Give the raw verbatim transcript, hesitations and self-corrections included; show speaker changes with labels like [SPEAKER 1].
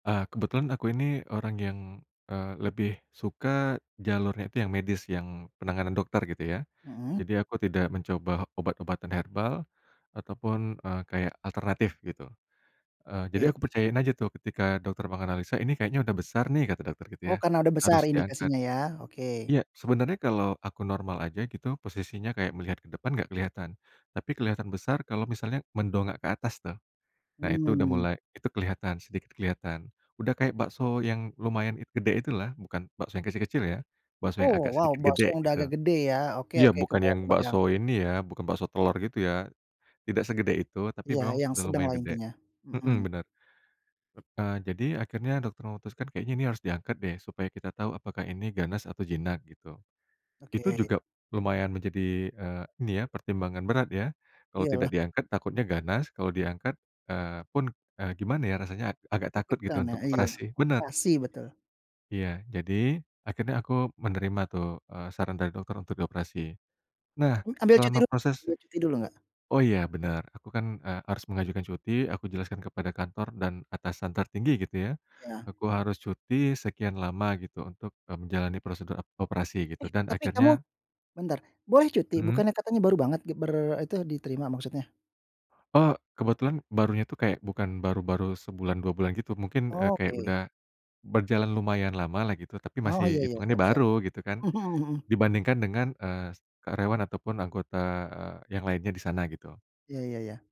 [SPEAKER 1] Nah kebetulan aku ini orang yang, eee, lebih suka jalurnya itu yang medis yang penanganan dokter gitu ya,
[SPEAKER 2] Mhm.
[SPEAKER 1] jadi aku tidak mencoba obat-obatan herbal, ataupun, eee, kayak alternatif gitu, eee, jadi
[SPEAKER 2] Iya.
[SPEAKER 1] aku percayain aja tuh ketika dokter menganalisa, "Ini kayaknya udah besar nih" kata dokter gitu ya,
[SPEAKER 2] Oh karena udah besar
[SPEAKER 1] "harus diangkat,"
[SPEAKER 2] indikasinya ya oke.
[SPEAKER 1] iya sebenarnya kalau aku normal aja gitu posisinya kayak melihat ke depan enggak kelihatan, tapi kelihatan besar kalau misalnya mendongak ke atas tuh, nah itu udah
[SPEAKER 2] Mmm.
[SPEAKER 1] mulai itu kelihatan sedikit kelihatan udah kayak bakso yang lumayan gede itulah, bukan bakso yang kecil-kecil ya, bakso yang
[SPEAKER 2] Oh
[SPEAKER 1] agak
[SPEAKER 2] wow
[SPEAKER 1] sedikit
[SPEAKER 2] bakso
[SPEAKER 1] gede
[SPEAKER 2] udah
[SPEAKER 1] gitu,
[SPEAKER 2] agak gede ya oke
[SPEAKER 1] iya
[SPEAKER 2] oke
[SPEAKER 1] bukan yang
[SPEAKER 2] kebayang kebayang.
[SPEAKER 1] bakso ini ya bukan bakso telor gitu ya, tidak segede itu tapi
[SPEAKER 2] Iya
[SPEAKER 1] memang
[SPEAKER 2] yang
[SPEAKER 1] sudah
[SPEAKER 2] sedang
[SPEAKER 1] lumayan
[SPEAKER 2] lah
[SPEAKER 1] gede,
[SPEAKER 2] intinya, mhm.
[SPEAKER 1] mhm, benar. Nah jadi akhirnya dokter memutuskan kayaknya ini harus diangkat deh supaya kita tahu apakah ini ganas atau jinak gitu,
[SPEAKER 2] Oke.
[SPEAKER 1] itu juga lumayan menjadi, eee, ini ya pertimbangan berat ya, kalau tidak
[SPEAKER 2] Iyalah.
[SPEAKER 1] diangkat takutnya ganas kalau diangkat, eee, pun, eee, gimana ya rasanya a agak takut gitu
[SPEAKER 2] Deg-degan ya,
[SPEAKER 1] untuk
[SPEAKER 2] iya
[SPEAKER 1] operasi bener.
[SPEAKER 2] operasi betul.
[SPEAKER 1] Iya jadi, akhirnya aku menerima tuh, eee, saran dari dokter untuk dioperasi, nah
[SPEAKER 2] Ambil cuti
[SPEAKER 1] selama
[SPEAKER 2] dulu
[SPEAKER 1] proses
[SPEAKER 2] ambil cuti dulu enggak?
[SPEAKER 1] oh iya bener aku kan, eee, harus mengajukan cuti aku jelaskan kepada kantor dan atasan tertinggi gitu ya.
[SPEAKER 2] Iya.
[SPEAKER 1] Aku harus cuti sekian lama gitu untuk, eee, menjalani prosedur operasi gitu
[SPEAKER 2] Eh,
[SPEAKER 1] dan
[SPEAKER 2] tapi
[SPEAKER 1] akhirnya.
[SPEAKER 2] kamu, bentar boleh cuti
[SPEAKER 1] Mmm.
[SPEAKER 2] bukannya katanya baru banget git ber itu diterima maksudnya?
[SPEAKER 1] Oh kebetulan barunya itu kayak bukan baru-baru sebulan dua bulan gitu mungkin, eee, kayak
[SPEAKER 2] Oke.
[SPEAKER 1] udah, berjalan lumayan lama lah gitu tapi
[SPEAKER 2] Oh iya
[SPEAKER 1] masih
[SPEAKER 2] iya
[SPEAKER 1] hitungannya
[SPEAKER 2] siap siap,
[SPEAKER 1] baru gitu kan,
[SPEAKER 2] mhm mhm.
[SPEAKER 1] dibandingkan dengan, eee, karyawan ataupun anggota yang lainnya di sana gitu.
[SPEAKER 2] Iya iya iya.